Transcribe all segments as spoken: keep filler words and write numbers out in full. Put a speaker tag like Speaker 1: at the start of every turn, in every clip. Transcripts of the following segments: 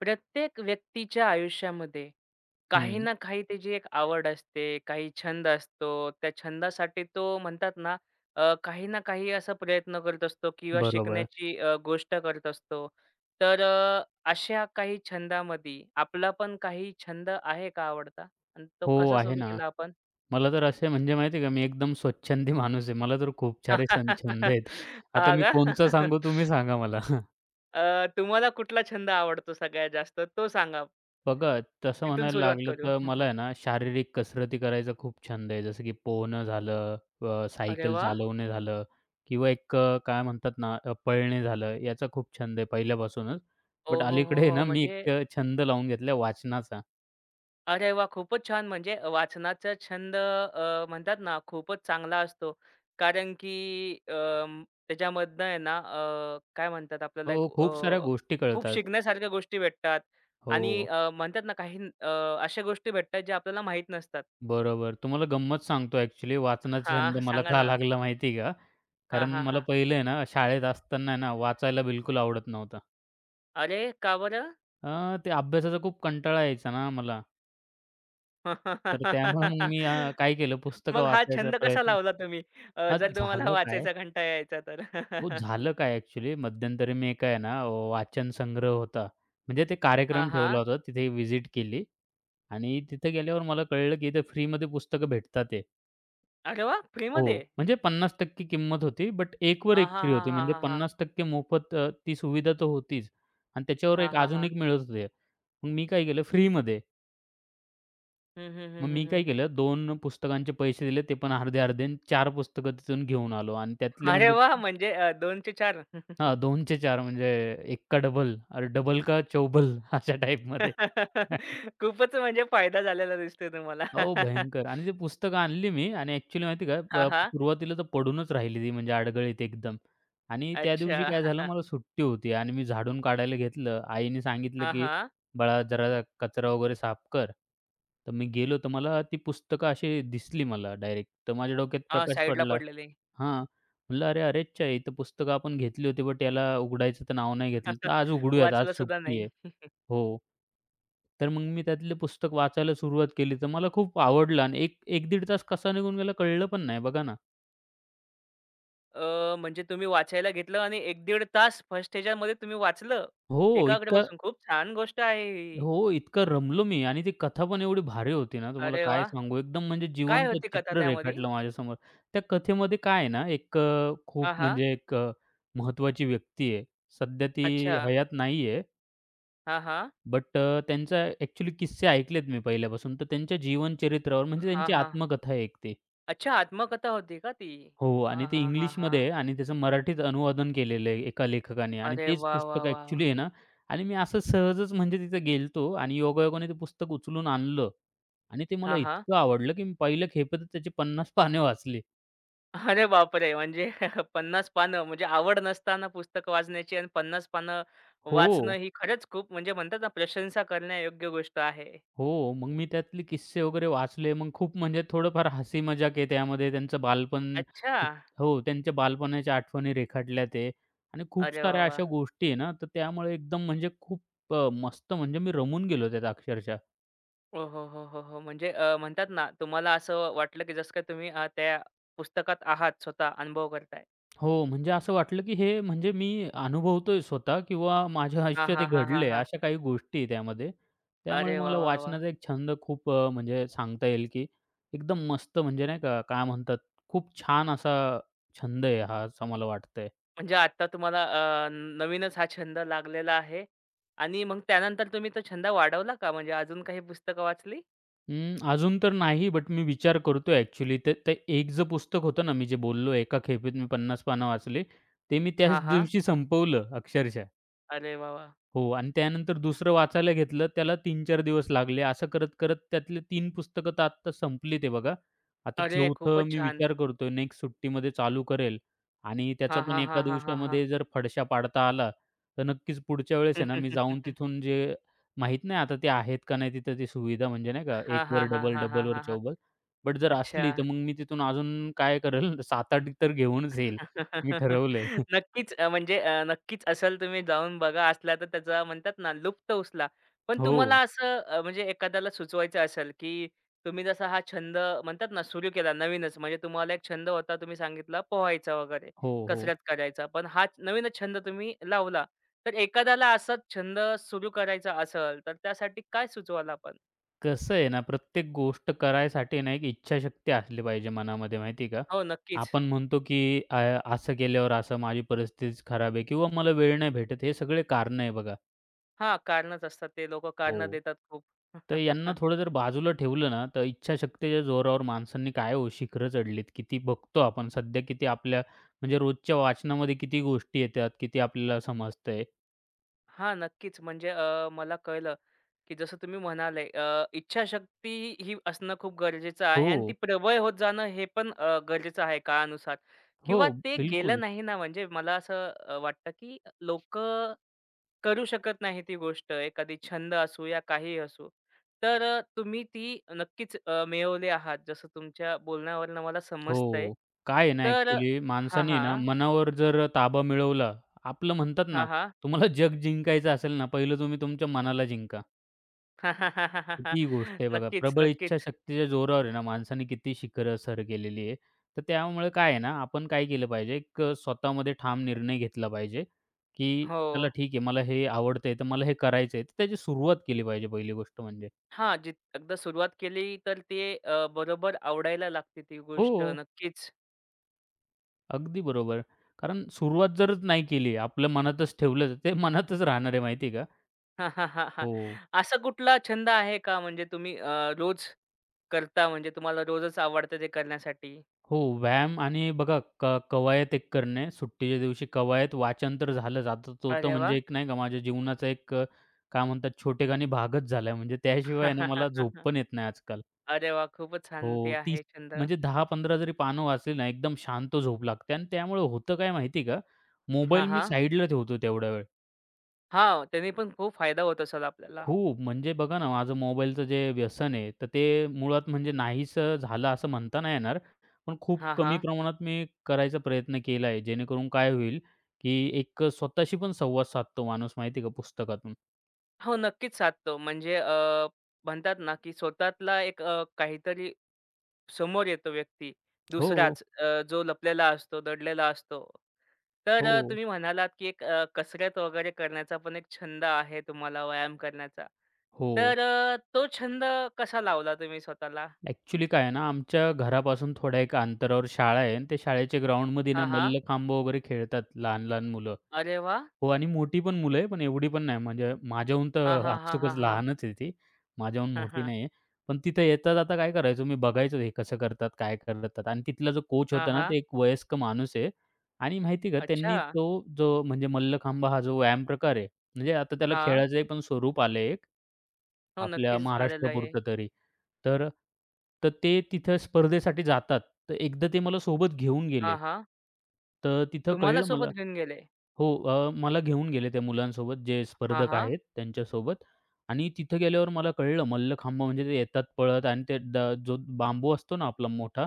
Speaker 1: प्रत्येक व्यक्तीच्या आयुष्यामध्ये, काही
Speaker 2: हं.
Speaker 1: ना काही त्याची एक आवड असते, काही छंद असतो. त्या छंदासाठी तो म्हणतात ना, अ, काही ना काही असा प्रयत्न करत असतो किंवा
Speaker 2: बरोबर.
Speaker 1: शिकण्याची अ, गोष्ट करत असतो. तर अ, अशा काही छंदामध्ये आपला पण काही छंद आहे का आवडता आणि तो
Speaker 2: हो,
Speaker 1: कसा
Speaker 2: आहे
Speaker 1: सुरू
Speaker 2: ना,
Speaker 1: केला आपण?
Speaker 2: मला तर असे म्हणजे माहिती आहे का, मी एकदम स्वच्छंदी माणूस आहे. मला तर खूप सारे सं छंद आहेत. आता
Speaker 1: हां
Speaker 2: मी कोणचा
Speaker 1: का?
Speaker 2: सांगू तुम्ही सांगा मला.
Speaker 1: अ, तुम्हाला कुठला छंद आवडतो सगळ्यात जास्त तो सांगा?
Speaker 2: बघा तसं
Speaker 1: तिथून
Speaker 2: म्हणायला
Speaker 1: सुरुवात
Speaker 2: लागलं,
Speaker 1: करू.
Speaker 2: तर मला आहे ना शारीरिक कसरती करायचा खूप छंद आहे. जसं की पोहणं झालं, अ,
Speaker 1: अरे
Speaker 2: सायकल
Speaker 1: वाह!
Speaker 2: चालवणे झालं किंवा एक अ, काय म्हणतात ना पळणे झालं, याचा खूप छंद आहे पहिल्यापासूनच.
Speaker 1: हो,
Speaker 2: बट
Speaker 1: हो,
Speaker 2: अलीकडे
Speaker 1: हो,
Speaker 2: आहे
Speaker 1: हो.
Speaker 2: ना, मी
Speaker 1: म्हणजे
Speaker 2: एक अ, छंद लावून घेतला वाचनाचा.
Speaker 1: अरे वाह! खूपच छान. म्हणजे अ, वाचनाचा छंद अ, म्हणतात ना खूपच चांगला असतो कारण की अं, त्याच्यामधनं आहे ना अ, काय म्हणतात आपल्याला एक
Speaker 2: हो. खूप साऱ्या
Speaker 1: अ,
Speaker 2: गोष्टी
Speaker 1: खूप
Speaker 2: कळतात.
Speaker 1: शिकण्यासारख्या गोष्टी भेटतात आणि
Speaker 2: हो.
Speaker 1: अ, म्हणतात ना, काही न अ, अशा गोष्टी भेटतात ज्या आपल्याला माहित नसतात.
Speaker 2: बरोबर. तुम्हाला गंमत सांगतो अ‍ॅक्चुअली वाचनाचा छंद
Speaker 1: हां.
Speaker 2: मला
Speaker 1: सांगा
Speaker 2: का
Speaker 1: ना.
Speaker 2: लागला माहिती आहे का
Speaker 1: हां,
Speaker 2: कारण
Speaker 1: हां,
Speaker 2: मला
Speaker 1: हां.
Speaker 2: पहिले ना शाळेत असताना ना, वाचायला बिलकुल आवडत नव्हतं.
Speaker 1: अरे! का बरं?
Speaker 2: अ, त्या अभ्यासाचा खूप कंटाळा यायचा ना मला. तर त्यामुळे मग मी काय केलं पुस्तकं
Speaker 1: मग हा
Speaker 2: वाचायचा
Speaker 1: छंद कसा
Speaker 2: प्रयत्न
Speaker 1: लावला तुम्ही? अ,
Speaker 2: अ,
Speaker 1: जर तुम्हाला
Speaker 2: झालं काय
Speaker 1: वाचायचा कंटाळा यायचा तर?
Speaker 2: हो. झालं काय, एक्चुअली मध्यंतरी, मी काय आहे ना अ, वाचन संग्रह होता. म्हणजे ते
Speaker 1: हां,
Speaker 2: कार्यक्रम ठेवला
Speaker 1: हां.
Speaker 2: होता. तिथे विजिट केली आणि तिथे गेल्यावर मला कळलं, की इथे फ्रीमध्ये पुस्तकं भेटतातयेत.
Speaker 1: अरे वाह!
Speaker 2: हो.
Speaker 1: फ्रीमध्ये.
Speaker 2: म्हणजे, पन्नास टक्के किंमत होती, बट, एक वर
Speaker 1: हां,
Speaker 2: एक
Speaker 1: हां,
Speaker 2: फ्री
Speaker 1: हां,
Speaker 2: होती.
Speaker 1: हां,
Speaker 2: म्हणजे
Speaker 1: हां, हां.
Speaker 2: पन्नास टक्के मोफत अ, ती सुविधा तर होतीच. आणि त्याच्यावर
Speaker 1: हां,
Speaker 2: एक
Speaker 1: हां,
Speaker 2: अजून
Speaker 1: हां.
Speaker 2: एक मिळत होते. मग मी काय केलं फ्रीमध्ये.
Speaker 1: हं, हं, हं,
Speaker 2: मग
Speaker 1: हं,
Speaker 2: मी
Speaker 1: हं.
Speaker 2: काय केलं, दोन पुस्तकांचे पैसे दिले, ते पण अर्धे-अर्धे आणि चार पुस्तकं तिथून घेऊन आलो. आणि त्यातले
Speaker 1: अरे
Speaker 2: म्हणजे
Speaker 1: वाह! म्हणजे अ, दोन चे चार.
Speaker 2: हां. दोन चे चार. म्हणजे अ, एक का डबल, किंवा डबल का चौबल, अशा टाइपमध्ये.
Speaker 1: खूपच म्हणजे फायदा झालेला दिसतोय तुम्हाला.
Speaker 2: अहो, भयंकर आणि ते पुस्तकं आणली मी आणि, एक्चुअली माहिती का?
Speaker 1: हां, हां.
Speaker 2: सुरुवातीला तर पडूनच राहिली ती, म्हणजे अडगळीत एकदम आणि त्या दिवशी
Speaker 1: अच्छा.
Speaker 2: काय झालं, मला सुट्टी होती आणि मी झाडून काढायला घेतलं. आईने सांगितलं,
Speaker 1: हां,
Speaker 2: की
Speaker 1: हां.
Speaker 2: "बाळा, जरा कचरा वगैरे साफ कर." तर मी गेलो, तर मला ती पुस्तकं अशी दिसली मला डायरेक्ट, तर माझ्या डोक्यात
Speaker 1: अ,
Speaker 2: प्रकाश
Speaker 1: साइडला
Speaker 2: पडला
Speaker 1: पडलेले.
Speaker 2: हां. म्हटलं, "अरे! अरेच्चा! ही तर पुस्तकं आपण घेतली होती, बट, याला उघडायचं तर नाव नाही घेतलं. तर आज उघडूयात, आज
Speaker 1: वाचलं सुद्धा
Speaker 2: सुट्टी
Speaker 1: नाही.
Speaker 2: आहे." हो. तर मग मी त्यातले पुस्तक वाचायला सुरुवात केली. तर मला खूप आवडलं आणि एक एक-दीड तास कसा निघून गेला, कळलं पण नाही. बघा ना.
Speaker 1: अ, म्हणजे तुम्ही वाचायला घेतलं, आणि एक-दीड तास फर्स्ट ह्याच्यामध्ये तुम्ही वाचलं,
Speaker 2: हो.
Speaker 1: एकाग्र
Speaker 2: इतकं
Speaker 1: बसून. खूप छान गोष्ट आहे ही.
Speaker 2: हो. इतकं रमलो मी, आणि ती कथा पण एवढी भारी होती, ना. तुम्हाला
Speaker 1: अरे
Speaker 2: काय
Speaker 1: वाह!
Speaker 2: सांगू, एकदम म्हणजे
Speaker 1: काय
Speaker 2: जिवंत
Speaker 1: होती कथा
Speaker 2: चित्र
Speaker 1: त्यामध्ये?
Speaker 2: रेखाटलं माझ्यासमोर. त्या कथेमध्ये काय आहे ना, एक अ, खूप
Speaker 1: हां, हां.
Speaker 2: म्हणजे एक अ, महत्त्वाची व्यक्ती आहे. सध्या ती
Speaker 1: अच्छा.
Speaker 2: हयात नाहीये.
Speaker 1: हां, हां.
Speaker 2: बट अ, त्यांचा अ‍ॅक्चुअली किस्से ऐकलेत मी पहिल्यापासून तर त्यांच्या जीवन चरित्रावर म्हणजे
Speaker 1: हां,
Speaker 2: त्यांची
Speaker 1: हां.
Speaker 2: आत्मकथा आहे एक ती.
Speaker 1: अच्छा, आत्मकथा होती का ती?
Speaker 2: हो, आणि
Speaker 1: हां,
Speaker 2: ते
Speaker 1: हां, हां,
Speaker 2: इंग्लिशमध्ये
Speaker 1: हां.
Speaker 2: आहे, आणि त्याचं मराठीत अनुवादन केलेलं आहे एका लेखकाने आणि
Speaker 1: अरे
Speaker 2: तेच
Speaker 1: वाह, वाह,
Speaker 2: पुस्तक
Speaker 1: वाह, वाह!
Speaker 2: अ‍ॅक्चुअली आहे, ना आणि मी असं सहजच म्हणजे तिथे गेलो होतो आणि योगायोगाने ते पुस्तक उचलून आणलं. आणि ते मला
Speaker 1: हां, हां.
Speaker 2: इतकं आवडलं, की मी पहिल्या खेपेत त्याची पन्नास पाने वाचले.
Speaker 1: अरे बापरे! म्हणजे पन्नास पानं म्हणजे आवड नसताना पुस्तक वाचण्याची आणि पन्नास पानं वाचणं,
Speaker 2: हो.
Speaker 1: ही खरंच खूप म्हणजे म्हणतात ना, प्रशंसा करण्यायोग्य गोष्ट आहे.
Speaker 2: हो. मग मी त्यातले किस्से वगैरे वाचले. मग खूप, म्हणजे थोडं-फार हसी-मजाक आहे त्यामध्ये. त्यांचं बालपण
Speaker 1: अच्छा.
Speaker 2: हो. त्यांच्या बालपणाच्या आठवणी रेखाटल्या ते आणि खूप
Speaker 1: अरे वाह,
Speaker 2: साऱ्या अशा
Speaker 1: वाह!
Speaker 2: गोष्टी आहेत ना. तर त्यामुळे एकदम म्हणजे खूप अ, मस्त म्हणजे मी रमून गेलो त्यात अक्षरशः.
Speaker 1: अ, हं, हं, हं, हं, हं. म्हणजे अ, म्हणतात ना तुम्हाला असं वाटलं की जसं काही तुम्ही अ, त्या पुस्तकात आहात, स्वतः अनुभव करताय.
Speaker 2: हो, म्हणजे असं वाटलं, की हे म्हणजे मी अनुभवतोय स्वतः किंवा माझ्या
Speaker 1: हां,
Speaker 2: आयुष्यात हे
Speaker 1: हां, हां, हां,
Speaker 2: घडले आहे.
Speaker 1: हां.
Speaker 2: अशा काही गोष्टी आहे त्यामध्ये. त्यामुळे
Speaker 1: अरे वाह!
Speaker 2: मला
Speaker 1: वाह! वाह!
Speaker 2: वाचनाचा एक छंद खूप, म्हणजे सांगता येईल की, एकदम मस्त, म्हणजे नाही का, काय म्हणतात, खूप छान असा छंद आहे हा, असं मला वाटतंय.
Speaker 1: म्हणजे आत्ता तुम्हाला अ, नवीनच हा छंद लागलेला आहे आणि मग त्यानंतर तुम्ही तो छंद वाढवला का? म्हणजे अजून काही पुस्तकं वाचली?
Speaker 2: हं. अजून तर नाही. बट, मी विचार करतोय. ॲक्चुअली ते ते एकच पुस्तक होतं ना, मी जे बोललो, एका खेपेत मी पन्नास पानं वाचली, ते मी त्याच
Speaker 1: हां, हां.
Speaker 2: दिवशी संपवलं, अक्षरशः.
Speaker 1: अरे वाह! वाह!
Speaker 2: हो. आणि त्यानंतर दुसरं वाचायला घेतलं, त्याला तीन-चार दिवस लागले. असं करत-करत त्यातले तीन पुस्तकं तर आता संपली, ते बघा. आता
Speaker 1: अरे!
Speaker 2: चौथं
Speaker 1: खूपच
Speaker 2: मी
Speaker 1: छान.
Speaker 2: विचार करतोय, नेक्स्ट सुट्टीमध्ये चालू करेल. आणि त्याचा
Speaker 1: हां,
Speaker 2: पण
Speaker 1: हां,
Speaker 2: एका
Speaker 1: हां, हां, हां, हां.
Speaker 2: दिवसामध्ये जर फडशा पाडता आला, तर नक्कीच पुढच्या वेळेस आहे ना, मी जाऊन तिथून, जे माहीत नाही, आता ते आहेत का नाही तिथं ती सुविधा, म्हणजे नाही का? एक
Speaker 1: हां,
Speaker 2: वर
Speaker 1: हां, हां,
Speaker 2: डबल,
Speaker 1: हां,
Speaker 2: डबल
Speaker 1: हां,
Speaker 2: वर
Speaker 1: हां, हां.
Speaker 2: चौबल. बट, जर असली तर
Speaker 1: अच्छा.
Speaker 2: मग मी तिथून अजून काय करेल, सात-आठ तर घेऊनच येईल. मी ठरवलंय.
Speaker 1: नक्कीच. अ, म्हणजे नक्कीच. असेल तुम्ही जाऊन बघा, असला तर त्याचा म्हणतात ना, लुप्त उचला. पण तुम्हाला
Speaker 2: हो.
Speaker 1: असं म्हणजे एखाद्याला सुचवायचं असेल, की तुम्ही जसा हा छंद म्हणतात ना, सुरू केला नवीनच. म्हणजे तुम्हाला एक छंद होता, तुम्ही सांगितला पोहायचा वगैरे,
Speaker 2: हो, हो.
Speaker 1: कसरत करायचा. पण हा नवीनच छंद तुम्ही लावला. तर एखाद्याला असा छंद सुरू करायचा असेल, तर त्यासाठी काय सुचवाल आपण?
Speaker 2: कसं आहे ना, प्रत्येक गोष्ट करायसाठी ना एक इच्छाशक्ती असली पाहिजे मनामध्ये माहिती आहे का
Speaker 1: हो. नक्कीच.
Speaker 2: आपण म्हणतो, की अ, असं केल्यावर असं, माझी परिस्थितीच खराब आहे किंवा मला वेळ नाही भेटत. हे सगळे कारणं आहे बघा.
Speaker 1: हां कारणंच असतात. ते लोकं कारणं
Speaker 2: हो.
Speaker 1: देतात खूप.
Speaker 2: तर यांना थोडं जर बाजूला ठेवलं ना, तर इच्छाशक्तीच्या जोरावर माणसांनी काय हो शिखरं चढली किती, बघतो आपण. सध्या किती आपल्या म्हणजे रोजच्या वाचनामध्ये किती गोष्टी येत्यात किती आपल्याला समजतंय.
Speaker 1: हां. नक्कीच, म्हणजे अ, मला कळलं, की जसं तुम्ही म्हणाले अ, इच्छाशक्ती ही असणं खूप गरजेचं आहे आणि ती
Speaker 2: हो.
Speaker 1: प्रबळ होत जाणं हे पण अ, गरजेचं आहे काळानुसार किंवा
Speaker 2: हो.
Speaker 1: ते केलं
Speaker 2: बिलकुल.
Speaker 1: नाही ना, म्हणजे मला असं अ, वाटतं, की अ, लोकं करू शकत नाही ती गोष्ट, एखादी छंद असो या काहीही असो. तर अ, तुम्ही ती नक्कीच अ, मिळवली आहात, जसं तुमच्या बोलण्यावरनं मला समजतंय.
Speaker 2: हो. काय आहे ना
Speaker 1: तर
Speaker 2: अ‍ॅक्चुअली,
Speaker 1: हां,
Speaker 2: माणसाने ना
Speaker 1: हां.
Speaker 2: मनावर जर ताबा मिळवला आपलं म्हणतात ना,
Speaker 1: हां, हां.
Speaker 2: तुम्हाला जग जिंकायचं असेल ना, पहिलं तुम्ही तुमच्या मनाला जिंका. ही गोष्ट आहे बघा,
Speaker 1: नक्कीच,
Speaker 2: प्रबळ
Speaker 1: नक्कीच.
Speaker 2: इच्छाशक्तीच्या जोरावर आहे ना, माणसाने किती शिखरं सर केलेली आहे. तर त्यामुळे काय आहे ना, आपण काय केलं पाहिजे, एक स्वतःमध्ये ठाम निर्णय घेतला पाहिजे, की चला
Speaker 1: हो.
Speaker 2: ठीक आहे. मला हे आवडतंय, तर मला हे करायचंय तर त्याची सुरुवात केली पाहिजे पहिली गोष्ट म्हणजे.
Speaker 1: हां. जीत एकदा सुरुवात केली, तर ते अ, बरोबर आवडायला लागते ती गोष्ट.
Speaker 2: हो.
Speaker 1: नक्कीच.
Speaker 2: अगदी बरोबर. कारण सुरुवात जरच नाही केली, आपल्या मनातच ठेवलं. ते मनातच राहणार आहे. माहिती आहे का?
Speaker 1: हां, हां, हां, हां.
Speaker 2: हो.
Speaker 1: असा कुठला छंद आहे का, म्हणजे तुम्ही अ, रोज करता म्हणजे तुम्हाला रोजच आवडतं ते करण्यासाठी?
Speaker 2: हो. व्यायाम आणि बघा क कवायत एक करणे. सुट्टीच्या दिवशी कवायत, वाचन तर झालं जातच होतं.
Speaker 1: अरे
Speaker 2: म्हणजे
Speaker 1: वाह!
Speaker 2: एक नाही का? माझ्या जीवनाचा एक क काय म्हणतात छोटेखानी भागच झालाय. म्हणजे त्याशिवाय ना मला झोप पण येत नाही आजकाल.
Speaker 1: अरे वाह! खूपच छान! ते
Speaker 2: हो. तीस.
Speaker 1: आहे छंद.
Speaker 2: म्हणजे दहा-पंधरा जरी पानं वाचली ना, एकदम शांत झोप लागते आणि त्यामुळे होतं काय माहिती आहे का?
Speaker 1: हां,
Speaker 2: मोबाईल मी
Speaker 1: हां.
Speaker 2: साइडला ठेवतो तेवढा वेळ.
Speaker 1: हां. त्यांनी पण खूप फायदा होत असेल आपल्याला.
Speaker 2: खूप. म्हणजे बघा ना माझं मोबाईलचं जे व्यसन आहे. तर ते मुळात म्हणजे नाहीसं झालं असं म्हणता नाही येणार. पण खूप
Speaker 1: हां,
Speaker 2: कमी
Speaker 1: हां.
Speaker 2: प्रमाणात मी करायचा प्रयत्न केला आहे. जेणेकरून काय होईल, की एक स्वतःशी पण संवाद साधतो माणूस. माहिती आहे का, पुस्तकातून.
Speaker 1: हो. नक्कीच साधतो. म्हणजे अ, म्हणतात ना, की स्वतःतला एक अ, काहीतरी, समोर येतो व्यक्ती.
Speaker 2: हो.
Speaker 1: दुसराच अ, जो लपलेला असतो, दडलेला असतो. तर अ,
Speaker 2: हो.
Speaker 1: तुम्ही म्हणालात, की एक अ, कसरत वगैरे करण्याचा पण एक छंद आहे तुम्हाला. व्यायाम करण्याचा.
Speaker 2: हो.
Speaker 1: तर अ, तो छंद कसा लावला तुम्ही स्वतःला?
Speaker 2: ॲक्चुअली काय आहे ना? आमच्या घरापासून थोड्या एका अंतरावर शाळा आहे, आणि ते शाळेच्या ग्राउंडमध्ये ना
Speaker 1: हां, हां.
Speaker 2: मल्लखांब वगैरे खेळतात, लहान-लहान मुलं.
Speaker 1: अरे वाह!
Speaker 2: हो आणि मोठी पण मुलं आहेत, पण एवढी पण नाही. म्हणजे माझ्याहून
Speaker 1: हां,
Speaker 2: तर
Speaker 1: हां, हां,
Speaker 2: आपसुकच
Speaker 1: हां, हां.
Speaker 2: लहानच आहे ती. माझ्याहून
Speaker 1: हं,
Speaker 2: मोठी
Speaker 1: हं.
Speaker 2: नाही आहे. पण तिथं येता-जाता काय करायचो मी, बघायचं तो हे कसं करतात, काय करतात आणि, तिथला जो कोच
Speaker 1: हां,
Speaker 2: होता ना,
Speaker 1: हां.
Speaker 2: ते एक वयस्क माणूस आहे. आणि माहिती का त्यांनी
Speaker 1: अच्छा.
Speaker 2: तो जो म्हणजे, मल्लखांब हा जो व्यायाम प्रकार आहे. म्हणजे, आता त्याला
Speaker 1: हां.
Speaker 2: खेळायचं पण स्वरूप आलंय एक.
Speaker 1: हो.
Speaker 2: आपल्या
Speaker 1: नक्कीच आलेलं आहे.
Speaker 2: महाराष्ट्रापुरतं तरी. तर तर ते तिथं स्पर्धेसाठी जातात. तर एकदा ते मला सोबत घेऊन गेले.
Speaker 1: हां, हां.
Speaker 2: तर तिथं
Speaker 1: तुम्हाला
Speaker 2: कळलं मला
Speaker 1: सोबत घेऊन गेले?
Speaker 2: हो अ, मला घेऊन गेले त्या मुलांसोबत, जे
Speaker 1: हां,
Speaker 2: स्पर्धक
Speaker 1: हां.
Speaker 2: आहेत त्यांच्यासोबत आणि तिथं गेल्यावर मला कळलं मल्लखांब म्हणजे, ते येतात पळत आणि तो द, जो बांबू असतो ना आपला मोठा,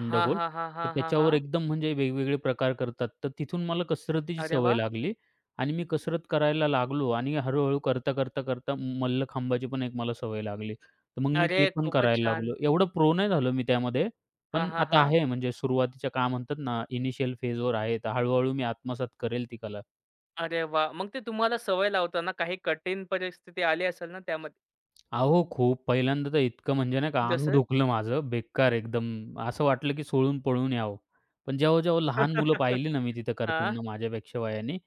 Speaker 1: हां, हां, हां,
Speaker 2: तर
Speaker 1: हां, हां,
Speaker 2: त्याच्यावर
Speaker 1: हां.
Speaker 2: एकदम म्हणजे वेगवेगळे प्रकार करतात. तर तिथून मला कसरतीची
Speaker 1: अरे
Speaker 2: सवय
Speaker 1: वाह!
Speaker 2: लागली आणि मी कसरत करायला लागलो आणि, हळूहळू करता-करता-करता मल्लखांबाची पण एक मला सवय लागली. तर मग मी ते
Speaker 1: अरे!
Speaker 2: पण
Speaker 1: खूपच
Speaker 2: करायला
Speaker 1: छान.
Speaker 2: लागलो. एवढं प्रो नाही झालो मी त्यामध्ये.
Speaker 1: हां,
Speaker 2: पण
Speaker 1: हां,
Speaker 2: आता
Speaker 1: हां.
Speaker 2: आहे म्हणजे, सुरुवातीच्या काय म्हणतात, ना इनिशियल फेज वर आहे. तर हळूहळू मी आत्मसात करेल ती कला.
Speaker 1: अरे वाह! मग ते तुम्हाला सवय लावताना काही कटीन परिस्थिती आली असेल ना त्यामध्ये?
Speaker 2: अहो, खूप पहिल्यांदा तर इतकं म्हणजे नाही का अंग
Speaker 1: जसं?
Speaker 2: दुखलं माझं, बेकार एकदम, असं वाटलं, की सोळून पळून यावं. पण जेव्हा-जेव्हा लहान मुलं पाहिली ना मी तिथं
Speaker 1: हां.
Speaker 2: करतांना माझ्यापेक्षा वयाने,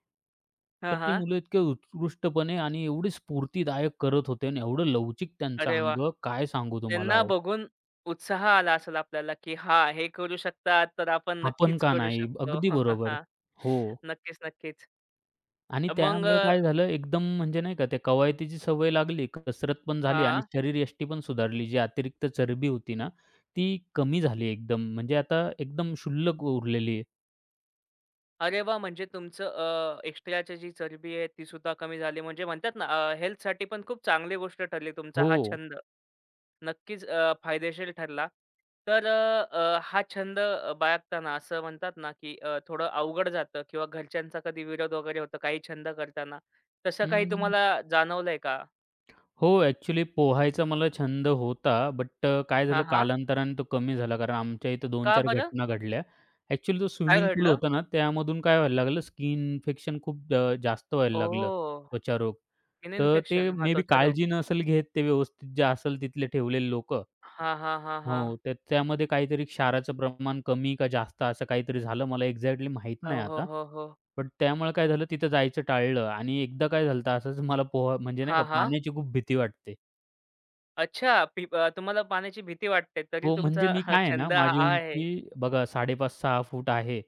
Speaker 2: तर
Speaker 1: हां,
Speaker 2: ती
Speaker 1: हां.
Speaker 2: मुलं इतकी उत्कृष्टपणे आणि एवढे स्फूर्तिदायक करत होते आणि एवढं लवचिक त्यांचं
Speaker 1: अरे वाह!
Speaker 2: अंग. काय सांगू तुम्हाला
Speaker 1: त्यांना
Speaker 2: ओ.
Speaker 1: बघून उत्साह आला असेल आपल्याला, की हां, हे करू शकतात, तर आपण
Speaker 2: आपण
Speaker 1: नक्कीच
Speaker 2: का
Speaker 1: करू
Speaker 2: नाही?
Speaker 1: शकतो.
Speaker 2: अगदी बरोबर. हो.
Speaker 1: नक्कीच, नक्कीच.
Speaker 2: आणि
Speaker 1: अ, मग
Speaker 2: त्यामुळे
Speaker 1: अ
Speaker 2: काय झालं एकदम म्हणजे नाही का त्या कवायतीची सवय लागली, कसरत पण झाली आणि
Speaker 1: हां.
Speaker 2: शरीरयष्टी पण सुधारली. जी अतिरिक्त चरबी होती ना, ती कमी झाली एकदम. म्हणजे आता एकदम क्षुल्लक उरलेली आहे.
Speaker 1: अरे वाह! म्हणजे तुमचं, अ, एक्स्ट्राची जी चरबी आहे तीसुद्धा कमी झाली. म्हणजे म्हणतात ना, अ, हेल्थसाठी पण खूप चांगली गोष्ट ठरली तुमचा हा
Speaker 2: हो.
Speaker 1: छंद. नक्कीच अ, फायदेशीर ठरला. तर, अ, अ, हा छंद अ, बाळगताना असं म्हणतात ना, की अ, थोडं अवघड जातं किंवा घरच्यांचा कधी विरोध वगैरे होतो काही छंद करताना, तसं काही
Speaker 2: हं.
Speaker 1: तुम्हाला जाणवलंय का?
Speaker 2: हो, अ‍ॅक्चुअली पोहायचा मला छंद होता. बट अ, काय झालं
Speaker 1: हां हां.
Speaker 2: कालांतराने तो कमी झाला कारण आमच्या इथं
Speaker 1: का
Speaker 2: दोन-चार
Speaker 1: बरं?
Speaker 2: घटना घडल्या. अ‍ॅक्चुअली जो
Speaker 1: काय
Speaker 2: स्विमिंग पूल
Speaker 1: घडलं?
Speaker 2: होता ना, त्यामधून काय व्हायला लागलं स्कीन इन्फेक्शन खूप अ, जास्त व्हायला लागलं,
Speaker 1: ओह!
Speaker 2: त्वचा रोग.
Speaker 1: स्किन
Speaker 2: तर ते
Speaker 1: इन्फेक्शन हां,
Speaker 2: मे बी
Speaker 1: त्वचा रोग.
Speaker 2: काळजी नसेल घेत ते व्यवस्थित, जे असेल तिथे ठेवलेले लोकं
Speaker 1: हां, हां, हां, हां.
Speaker 2: हो, तर त्यामध्ये काहीतरी क्षाराचं प्रमाण कमी का जास्त असं काहीतरी झालं. मला एक्झॅक्टली माहित नाही
Speaker 1: हो, हो,
Speaker 2: आता,
Speaker 1: हो, हो.
Speaker 2: पण त्यामुळे काय झालं तिथं जायचं टाळलं आणि एकदा काय झालं, तर असंच मला पोहा म्हणजे नाही का
Speaker 1: हां, हां.
Speaker 2: पाण्याची खूप भीती वाटते.
Speaker 1: अच्छा! पीब तुम्हाला पाण्याची भीती वाटते, तरी
Speaker 2: हो. म्हणजे
Speaker 1: तुमचा
Speaker 2: मी
Speaker 1: हा
Speaker 2: काय आहे ना,
Speaker 1: छंद आ
Speaker 2: माझी
Speaker 1: आहे.
Speaker 2: उंची बघा साडे पाच-सहा फूट आहे.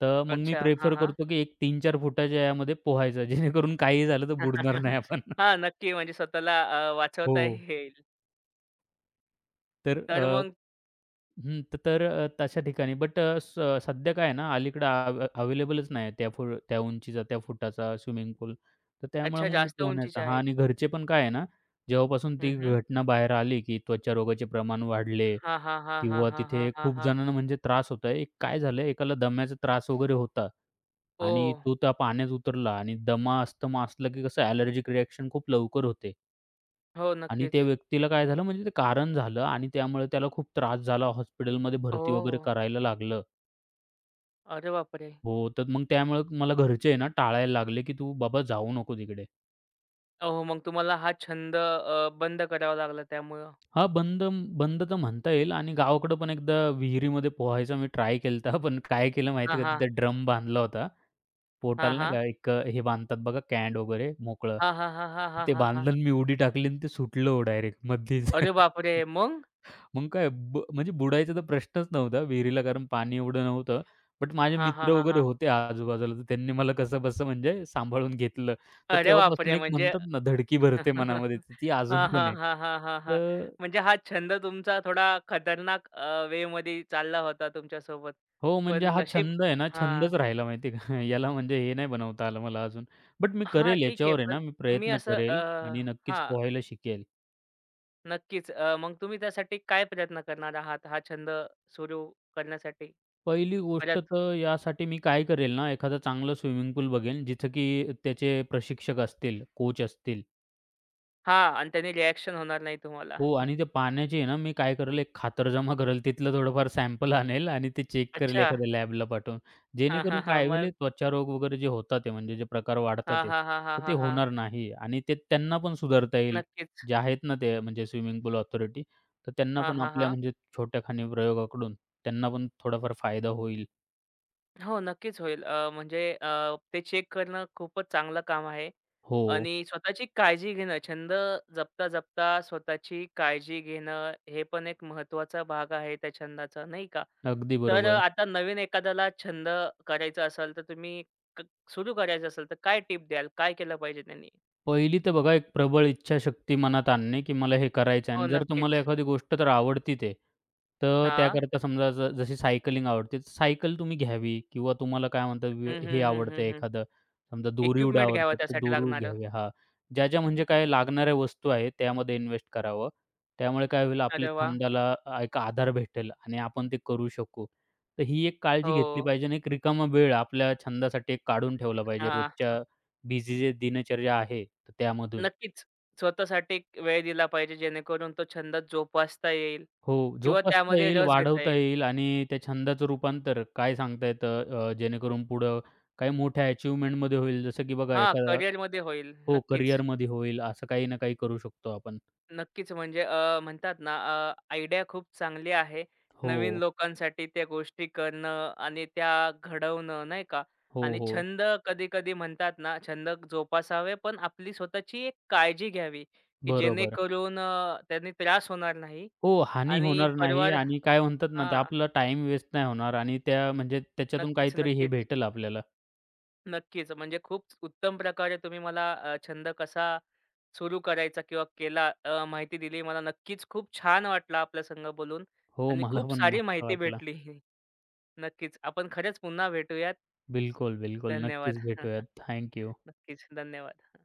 Speaker 2: त मग मी
Speaker 1: अच्छा. हां,
Speaker 2: प्रिफर
Speaker 1: हां.
Speaker 2: करतो, की एक तीन-चार फुटाच्या यामध्ये पोहायचं, जेणेकरून काहीही झालं तर बुडणार नाही आपण.
Speaker 1: हां, नक्की. म्हणजे स्वतःला अ, वाचवता
Speaker 2: हो.
Speaker 1: येईल.
Speaker 2: तर
Speaker 1: तर
Speaker 2: अ
Speaker 1: मग
Speaker 2: हं तर तशा ठिकाणी. बट स सध्या काय आहे ना अलीकडे आ, आव अवेलेबलच नाही त्या फोर त्या उंचीचा, त्या फुटाचा स्विमिंग पूल. तर त्यामुळे
Speaker 1: अच्छा,
Speaker 2: मग मी
Speaker 1: जास्त
Speaker 2: पोहण्याचा
Speaker 1: उंचीच्या
Speaker 2: हां
Speaker 1: आहेत.
Speaker 2: आणि घरचे पण काय आहे ना, जेव्हापासून
Speaker 1: हं,
Speaker 2: ती
Speaker 1: हं.
Speaker 2: घटना बाहेर आली, की त्वचा रोगाचे प्रमाण वाढले
Speaker 1: हां, हां, हां, हां,
Speaker 2: किंवा
Speaker 1: हां, हां,
Speaker 2: तिथे
Speaker 1: हां,
Speaker 2: खूप
Speaker 1: हां.
Speaker 2: जणांना म्हणजे त्रास होत आहे. एक काय झालंय, एकाला दम्याचा त्रास वगैरे होता आणि
Speaker 1: ओह!
Speaker 2: तो त्या पाण्यात उतरला आणि दमा, अस्थमा असलं, की कसं, ॲलर्जिक रिॲक्शन खूप लवकर होते.
Speaker 1: हो,
Speaker 2: आणि त्या
Speaker 1: नक्कीच.
Speaker 2: व्यक्तीला काय झालं, म्हणजे ते कारण झालं. आणि त्यामुळे त्याला खूप त्रास झाला. हॉस्पिटलमध्ये
Speaker 1: हो,
Speaker 2: भरती वगैरे
Speaker 1: हो.
Speaker 2: करायला लागलं.
Speaker 1: अरे बापरे!
Speaker 2: हो, तर मग त्यामुळे मला घरचे आहे ना टाळायला लागले, की "तू बाबा जाऊ नको तिकडे."
Speaker 1: अ, हो. मग तुम्हाला हा छंद अ, बंद करावा लागला त्यामुळं.
Speaker 2: हां. बंदन बंद तर म्हणता येईल आणि गावाकडे पण एकदा विहिरीमध्ये पोहायचं मी ट्राय केलंत. हां, पण काय केलं, माहिती
Speaker 1: हां,
Speaker 2: आहे का?
Speaker 1: हां.
Speaker 2: तिथे ड्रम बांधला होता.
Speaker 1: हां,
Speaker 2: पोटाला, नाही
Speaker 1: हां.
Speaker 2: का? एक हे बांधतात बघा कँड वगैरे मोकळं,
Speaker 1: हां, हां, हां, हां, हां,
Speaker 2: ते
Speaker 1: हां,
Speaker 2: बांधलं
Speaker 1: हां.
Speaker 2: आणि मी उडी टाकली आणि ते सुटलं हो डायरेक्ट मध्येच.
Speaker 1: अरे बापरे! मग?
Speaker 2: मग काय, ब म्हणजे बुडायचा तर प्रश्नच नव्हता विहिरीला, कारण पाणी एवढं नव्हतं. बट माझे
Speaker 1: हां, हां,
Speaker 2: मित्र
Speaker 1: हां,
Speaker 2: वगैरे
Speaker 1: हां.
Speaker 2: होते आजूबाजूला, तर त्यांनी मला कसंबसं म्हणजे सांभाळून घेतलं. तर
Speaker 1: अरे
Speaker 2: तेव्हापासून
Speaker 1: बापरे!
Speaker 2: एक
Speaker 1: म्हणजे,
Speaker 2: म्हणतात ना, धडकी भरते मनामध्ये. तर ती अजून
Speaker 1: हां,
Speaker 2: पण
Speaker 1: हां,
Speaker 2: आहे.
Speaker 1: हां, हां, हां, हां.
Speaker 2: तर
Speaker 1: म्हणजे हा छंद तुमचा थोडा खतरनाक अ, वे मध्ये चालला होता तुमच्या सोबत.
Speaker 2: हो,
Speaker 1: पण
Speaker 2: म्हणजे हा
Speaker 1: नशीब
Speaker 2: छंद आहे ना,
Speaker 1: हां.
Speaker 2: छंदच राहिला माहिती आहे का? याला म्हणजे हे नाही बनवता आलं मला अजून. बट मी
Speaker 1: हां,
Speaker 2: करेल
Speaker 1: ठीक आहे.
Speaker 2: याच्यावर आहे
Speaker 1: पण
Speaker 2: ना मी
Speaker 1: तुम्ही
Speaker 2: प्रयत्न
Speaker 1: असं अ
Speaker 2: करेल आणि नक्कीच
Speaker 1: हां.
Speaker 2: पोहायला शिकेल.
Speaker 1: नक्कीच, अ, मग तुम्ही त्यासाठी काय प्रयत्न करणार आहात हा छंद सुरू, करण्यासाठी
Speaker 2: पहिली गोष्ट,
Speaker 1: परत?
Speaker 2: तर यासाठी मी काय करेल ना? एखादं चांगलं स्विमिंग पूल बघेल, जिथं की त्याचे प्रशिक्षक असतील, कोच असतील.
Speaker 1: हां, आणि त्यानी रिअ‍ॅक्शन होणार नाही तुम्हाला.
Speaker 2: हो. आणि ते पाण्याचे आहे ना, मी काय करेल, एक खातरजमा करेल. तिथलं थोडंफार सॅम्पल आणेल आणि ते चेक करेल,
Speaker 1: अच्छा.
Speaker 2: एखाद्या लॅबला पाठवून.
Speaker 1: हां, हां,
Speaker 2: जेणेकरून
Speaker 1: हां.
Speaker 2: काय होईल
Speaker 1: मग?
Speaker 2: त्वचारोग वगैरे जे होतात आहे, ते म्हणजे जे प्रकार वाढतात,
Speaker 1: हां, हां, हां, हां,
Speaker 2: तर ते
Speaker 1: हां, हां.
Speaker 2: होणार नाही आणि ते त्यांना पण सुधारता येईल.
Speaker 1: नक्कीच.
Speaker 2: जे आहेत ना, ते म्हणजे स्विमिंग पूल ऑथॉरिटी, तर त्यांना
Speaker 1: हां,
Speaker 2: पण
Speaker 1: हां,
Speaker 2: आपल्या
Speaker 1: हां.
Speaker 2: म्हणजे छोट्याखानी प्रयोगाकडून, त्यांना पण थोडाफार फायदा होईल.
Speaker 1: हो, नक्कीच होईल. अ, म्हणजे अ, ते चेक करणं खूपच चांगलं काम आहे
Speaker 2: हो.
Speaker 1: आणि स्वतःची काळजी घेणं, छंद जपता-जपता स्वतःची काळजी घेणं, हे पण एक महत्त्वाचा भाग आहे त्या छंदाचा, नाही का?
Speaker 2: अगदी
Speaker 1: तर अ,
Speaker 2: बरोबर.
Speaker 1: आता नवीन एखाद्याला छंद करायचं असेल, तर तुम्ही क सुरू करायचं असेल, तर काय टिप द्याल? काय केलं पाहिजे त्यांनी?
Speaker 2: पहिली तर बघा, एक प्रबळ इच्छाशक्ती मनात आणणे, की मला हे करायचं आहे
Speaker 1: हो,
Speaker 2: आणि जर तुम्हाला
Speaker 1: नक्कीच.
Speaker 2: एखादी गोष्ट जर आवडतीत आहे. तर
Speaker 1: हां.
Speaker 2: त्याकरता समजा, जशी सायकलिंग आवडते, सायकल तुम्ही घ्यावी किंवा तुम्हाला काय म्हणतात,
Speaker 1: हं,
Speaker 2: हे
Speaker 1: हं, हं,
Speaker 2: आवडते,
Speaker 1: हं, हं.
Speaker 2: एखादं समजा दोरी उडया
Speaker 1: इक्विपमेंट घ्यावं
Speaker 2: आवडतात, तर
Speaker 1: त्यासाठी
Speaker 2: दोरी
Speaker 1: लागणारं.
Speaker 2: घ्यावी. हां, ज्या-ज्या म्हणजे काय लागणाऱ्या वस्तू आहेत, त्यामध्ये इन्वेस्ट करावं. त्यामुळे काय होईल, आपल्या
Speaker 1: अरे वाह!
Speaker 2: छंदाला एक आधार भेटेल आणि आपण ते करू शकू. तर ही एक काळजी घेतली
Speaker 1: हो.
Speaker 2: पाहिजे आणि एक रिकामा वेळ आपल्या छंदासाठी एक काढून ठेवला पाहिजे,
Speaker 1: हां.
Speaker 2: रोजच्या बिझी जी दिनचर्या आहे तर त्यामधून.
Speaker 1: नक्कीच, स्वतःसाठी वेळ दिला पाहिजे जेणेकरून तो छंद जोपासता येईल
Speaker 2: हो,
Speaker 1: किंवा
Speaker 2: जोपासता
Speaker 1: त्यामध्ये
Speaker 2: येईल,
Speaker 1: रस घेता
Speaker 2: वाढवता
Speaker 1: येईल.
Speaker 2: येईल आणि त्या छंदाचं रूपांतर काय सांगता येतं, अ, जेणेकरून पुढं काही मोठ्या अचीव्हमेंटमध्ये होईल. जसं, की बघा,
Speaker 1: हां,
Speaker 2: एका
Speaker 1: करियरमध्ये होईल.
Speaker 2: हो,
Speaker 1: नक्कीच.
Speaker 2: करियरमध्ये होईल. असं काही ना काही करू शकतो आपण.
Speaker 1: नक्कीच. म्हणजे अ, म्हणतात ना, अ, आयडिया खूप चांगली आहे नवीन
Speaker 2: हो.
Speaker 1: लोकांसाठी, त्या गोष्टी करणं आणि त्या घडवणं, नाही का?
Speaker 2: हो,
Speaker 1: आणि
Speaker 2: हो.
Speaker 1: छंद कधी-कधी म्हणतात ना, छंद जोपासावे पण आपली स्वतःची एक काळजी घ्यावी, की
Speaker 2: बरोबर.
Speaker 1: जेणेकरून अ, त्यानी त्रास होणार नाही
Speaker 2: हो, हानी
Speaker 1: आणि
Speaker 2: होणार नाही
Speaker 1: परिवार
Speaker 2: आणि काय म्हणतात ना, ते
Speaker 1: हां.
Speaker 2: आपला टाईम वेस्ट नाही होणार. आणि त्या म्हणजे त्याच्यातून काहीतरी हे
Speaker 1: नक्कीच-नक्कीच.
Speaker 2: भेटेल आपल्याला.
Speaker 1: नक्कीच. म्हणजे खूप उत्तम प्रकारे तुम्ही मला अ, छंद कसा सुरू करायचा? किंवा केला? अ, माहिती दिली. मला नक्कीच खूप छान वाटलं आपल्यासंगं बोलून
Speaker 2: हो,
Speaker 1: आणि
Speaker 2: मला
Speaker 1: खूप
Speaker 2: पण
Speaker 1: सारी
Speaker 2: मस्त
Speaker 1: माहिती
Speaker 2: वाटलं.
Speaker 1: भेटली. नक्कीच, आपण खरंच पुन्हा भेटूयात.
Speaker 2: बिलकुल, बिलकुल.
Speaker 1: धन्यवाद.
Speaker 2: नक्कीच भेटूयात. Thank you.
Speaker 1: नक्कीच, धन्यवाद.